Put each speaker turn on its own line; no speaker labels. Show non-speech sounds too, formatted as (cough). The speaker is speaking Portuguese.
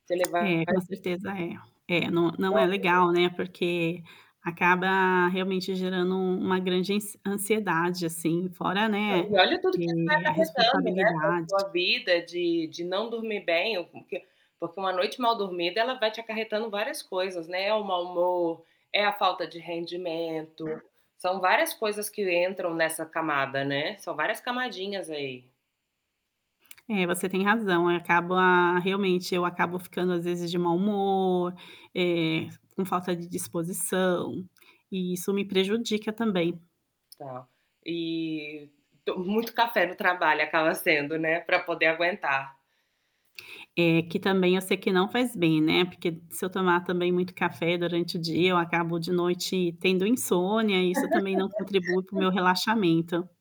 Você levar
É, com certeza é. É, não não
Não
é legal, né, porque acaba realmente gerando um uma grande ansiedade assim fora, né,
E, olha, tudo que você vai
eh, a
acarretando, né,
responsabilidade.
com a sua vida de de não dormir bem, ou com hã, porque uma noite mal dormida ela vai te acarretando várias coisas, né, é o mau humor, é a falta de rendimento, são várias coisas que entram nessa camada, né, são várias camadinhas aí.
É, você tem razão, acaba realmente eu acabo ficando às vezes de mau humor, eh, com falta de disposição, e isso me prejudica também.
Tá, e to muito café no trabalho acaba sendo, né, pra poder aguentar.
É que também eu sei que não faz bem, né, porque se eu tomar também muito café durante o dia eu acabo de noite tendo insônia, isso também não contribui para o
(laughs)
meu relaxamento.